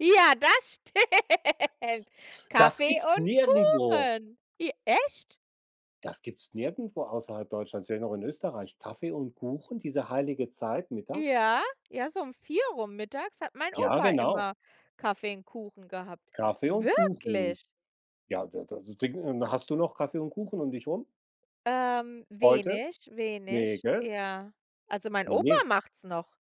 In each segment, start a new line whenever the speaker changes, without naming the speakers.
Ja, das stimmt,
Das
Kaffee
gibt's
und
nirgendwo.
Kuchen. J echt?
Das gibt's nirgendwo außerhalb Deutschlands, vielleicht noch in Österreich, Kaffee und Kuchen, diese heilige Zeit, mittags.
Ja, ja, so um 4 rum mittags hat mein
Ja,
Opa
genau.
immer Kaffee und Kuchen gehabt.
Kaffee und Kuchen.
Wirklich?
Ja, da das Ding, ähm hast du noch Kaffee und Kuchen um dich rum
Ähm,
heute?
wenig,
Ne,
wenig,
gell?
ja. Also mein
Ne,
Opa
ne.
macht's noch,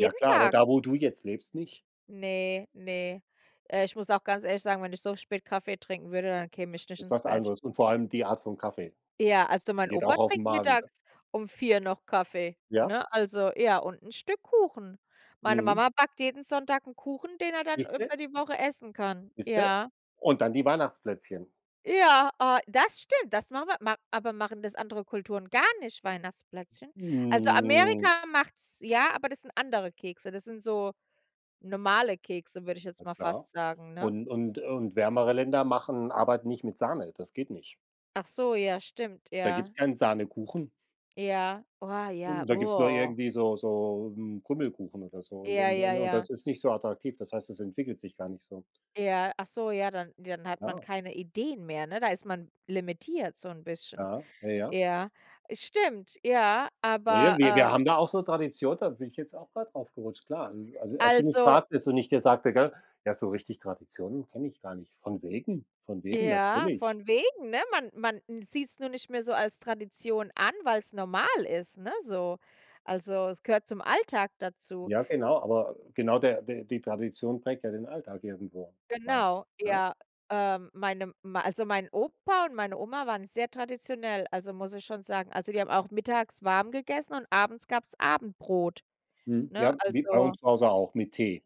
Ja klar, aber
Tag.
da, wo du jetzt lebst nicht?
Ne, ne. Äh, ich muss auch ganz ehrlich sagen, wenn ich so spät Kaffee trinken würde, dann käme ich nicht
Ist
ins
was
Bett.
anderes und vor allem die Art von Kaffee,
Ja, also mein
die geht
Opa
auch auf 'n
trinkt
Magen, ne?
mittags um 4 noch Kaffee,
Ja?
ne? Also ja, und 'n Stück Kuchen. Meine
Mhm.
Mama backt jeden Sonntag 'n Kuchen, den er dann
Siehst du.
über die Woche essen kann.
Siehst du.
Ja.
Und dann die Weihnachtsplätzchen.
Ja, ah, das stimmt. Das machen wir ma aber machen das andere Kulturen gar nicht, Weihnachtsplätzchen? Also
Hm.
Amerika macht's ja, aber das sind andere Kekse. Das sind so normale Kekse würde ich jetzt
Na
mal
klar,
fast sagen, ne?
und und und wärmere Länder machen arbeiten nicht mit Sahne. Das geht nicht.
Ach so, ja, stimmt,
Da gibt's
ja.
kein Sahnekuchen.
Ja, wa ja,
Da gibt's nur
oh.
irgendwie so so, hm, Krümelkuchen oder so und
Ja,
und
ja,
und und
ja.
das ist nicht so attraktiv. Das heißt, es entwickelt sich gar nicht so.
Ja, ach so, ja, dann dann hat man
Ah.
keine Ideen mehr, ne? Da ist man limitiert so 'n bisschen.
Ja. Ja, ja.
Ja, es stimmt, ja,
Ja, ja,
aber,
wir wir
äh
haben da auch so Tradition, da bin ich jetzt auch grad draufgerutscht, klar. Äh, also als du mich
Also.
fragtest und ich dir sagte, gell: „Ja, so richtig Traditionen kenne ich gar nicht.“ Von wegen, von wegen,
Ja,
natürlich.
von wegen, ne? Man man n sieht's nur nicht mehr so als Tradition an, weil's normal ist, ne, so. Also, es gehört zum Alltag dazu.
Ja, genau, aber genau, der die die Tradition prägt ja den Alltag irgendwo, meine ich,
Genau,
ne?
ja. Ähm, meine mei also mein Opa und meine Oma waren sehr traditionell, also muss ich schon sagen. Also die haben auch mittags warm gegessen und abends gab's Abendbrot,
Mhm.
ne?
Ja, wie bei
Also
uns zuhause auch mit Tee.